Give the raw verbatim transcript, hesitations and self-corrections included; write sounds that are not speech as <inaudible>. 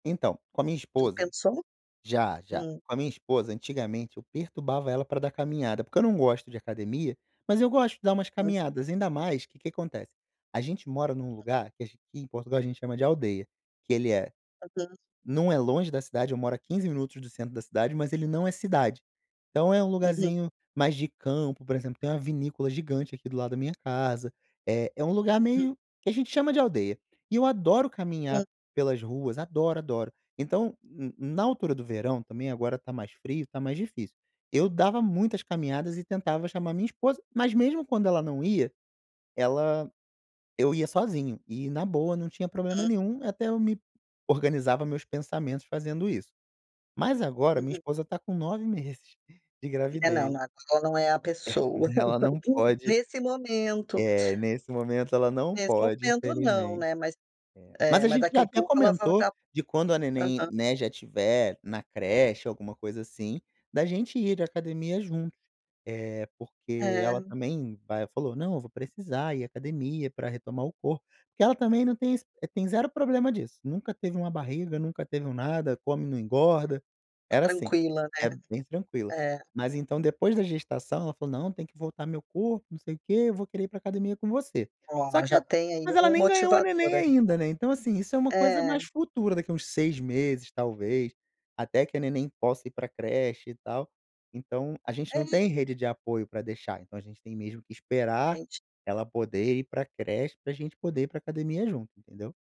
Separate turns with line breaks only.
Então, com a minha
Já
esposa,
pensou?
já, já,
Hum.
com a minha esposa antigamente eu perturbava ela pra dar caminhada, porque eu não gosto de academia, mas eu gosto de dar umas
Hã.
caminhadas, ainda mais que que acontece, a gente mora num lugar que aqui em Portugal a gente chama de aldeia, que ele é,
Aham.
não é longe da cidade, eu moro a quinze minutos do centro da cidade, mas ele não é cidade. Então é um
Uhum.
lugarzinho mais de campo, por exemplo, tem uma vinícola gigante aqui do lado da minha casa, eh, é um lugar
Uhum.
meio que a gente chama de aldeia. E eu adoro caminhar
Uhum.
pelas ruas, adoro, adoro. Então, n na altura do verão também agora está mais frio, está mais difícil. Eu dava muitas caminhadas e tentava chamar minha esposa, mas mesmo quando ela não ia, ela, eu ia sozinho. E na boa não tinha problema
Uhum.
nenhum e até eu me organizava meus pensamentos fazendo isso. Mas agora minha
Uhum.
esposa está com nove meses de
É não
gravidez.
não, ela não é a
É
pessoa.
ela não
<laughs>
pode,
Nesse momento
eh, nesse momento ela não
nesse
pode
momento não,
infelizmente.
né. Mas,
É. Mas
é
a
mas
gente
daqui
já
um
até
pouco ela vai
comentou
estar.
de quando a neném,
Aham.
né, já tiver na creche, alguma coisa assim, da gente ir à academia junto, eh, porque ela
É.
também aí ela falou, não, eu vou precisar ir à academia para retomar o corpo, porque ela também não tem ze tem zero problema disso nunca teve uma barriga, nunca teve um nada, come não engorda,
Ta
era assim,
tranquila né.
é bem tranquila
É.
mas então depois da gestação ela falou não tem que voltar meu corpo, não sei o quê, eu vou querer ir pra academia com você, só
Olha,
que
já
a
tem aí
mas ela
um
nem ganhou a
motivador
neném
aí.
ainda, né. Então assim, isso é uma coisa
É.
mais futura, daqui uns seis meses talvez, até que a neném possa ir pra creche e tal. Então a gente não
Ele
tem rede de apoio pra deixar, então a gente tem mesmo que esperar
Entendi.
ela poder ir pra creche pra gente poder ir pra academia junto, entendeu?